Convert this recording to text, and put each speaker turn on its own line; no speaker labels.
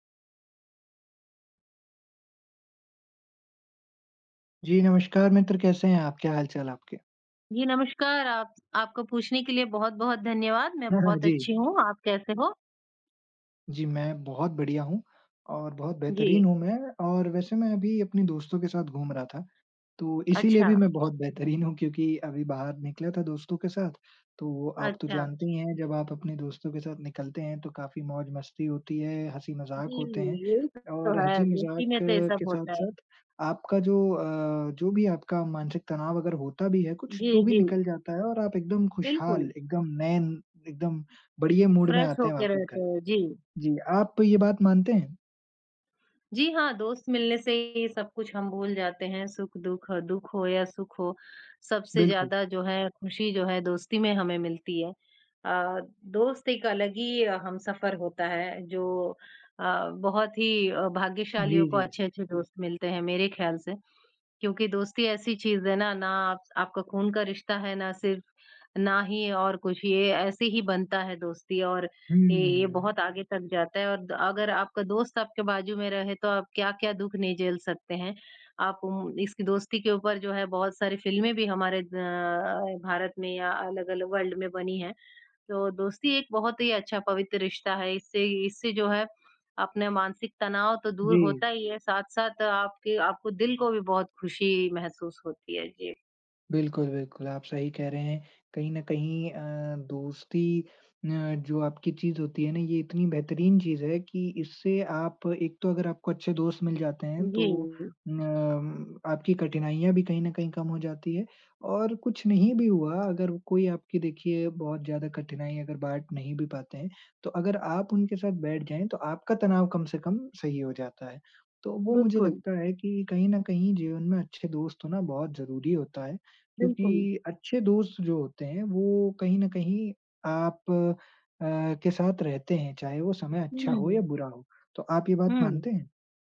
जी, नमस्कार मित्र कैसे हैं आप? क्या हाल-चाल आपके?
जी, नमस्कार। आप आपको पूछने के लिए बहुत-बहुत धन्यवाद। मैं बहुत
जी।
अच्छी हूँ, आप कैसे हो?
जी, मैं बहुत बढ़िया हूँ, और बहुत
जी।
बेहतरीन हूँ मैं और वैसे मैं अभी अपने दोस्तों के साथ घूम रहा था। तो इसीलिए भी
अच्छा।
मैं बहुत बेहतरीन हूँ, क्योंकि अभी बाहर निकला था दोस्तों के साथ। तो आप तो
अच्छा।
जानते ही हैं जब आप अपने दोस्तों के साथ निकलते हैं तो काफ़ी मौज-मस्ती होती है, हँसी-मज़ाक
जी,
होते हैं,
यही सब तो
और
है। दोस्ती
हँसी-मज़ाक
में तो ये
के
सब होता है।
साथ-साथ आपका जो अ, जो भी आपका मानसिक तनाव अगर होता भी है कुछ
जी,
तो भी
जी।
निकल जाता है और आप एकदम खुशहाल,
बिल्कुल।
एकदम नए, एकदम बढ़िया मूड में
फ्रेश
आते हैं
होके
वापस
रहते
घर।
हो। जी।
जी आप तो ये बात मानते हैं?
जी हाँ, दोस्त मिलने से ही सब कुछ हम भूल जाते हैं, सुख-दुख, दुख हो या सुख हो। सबसे
बिल्कुल।
ज़्यादा जो है खुशी जो है दोस्ती में हमें मिलती है। अ, दोस्त एक अलग ही ह हमसफ़र होता है। जो अ, बहुत ही भाग्यशालियों
जी,
को
जी।
अच्छे-अच्छे दोस्त मिलते हैं मेरे ख्याल से। क्योंकि दोस्ती ऐसी चीज़ है ना, ना आपका खून का रिश्ता है ना सिर्फ़ ना ही और कुछ। ये ऐसे ही बनता है दोस्ती और ये, ये
हुँ।
बहुत आगे तक जाता है। और अगर आपका दोस्त आपके बाजू में रहे तो आप क्या-क्या दुख नहीं झेल सकते हैं। आप इसकी दोस्ती के ऊपर जो है बहुत सारी फ़िल्में भी हमारे अ, भारत में या अलग-अलग वर्ल्ड में बनी हैं। तो दोस्ती एक बहुत ही अच्छा पवित्र रिश्ता है। इससे इससे जो है अपना मानसिक तनाव तो दूर
जी।
होता ही है, साथ-साथ आपके आपको दिल को भी बहुत खुशी महसूस होती है। जी।
बिल्कुल, बिल्कुल। आप सही कह रहे हैं। कहीं न कहीं अ, दोस्ती अ, जो आपकी चीज़ होती है ना, ये इतनी बेहतरीन चीज़ है कि इससे आप एक तो अगर आपको अच्छे दोस्त मिल जाते हैं
जी,
तो
जी।
अ, उम, आपकी कठिनाइयाँ भी कहीं न कहीं कम हो जाती है। और कुछ नहीं भी हुआ अगर कोई आपकी देखिए बहुत ज़्यादा कठिनाई अगर बाँट नहीं भी पाते हैं, तो अगर आप उनके साथ बैठ जाएँ तो आपका तनाव कम से कम सही हो जाता है। तो वो मुझे
बिल्कुल।
लगता है कि कहीं न कहीं जीवन में अच्छे दोस्त होना बहुत ज़रूरी होता है,
बिल्कुल।
क्योंकि अच्छे दोस्त जो होते हैं वो कहीं न कहीं आप अ, के साथ रहते हैं चाहे वो समय अच्छा हो या
हुँ।
बुरा हो। तो आप ये बात
हुँ।
मानते हैं?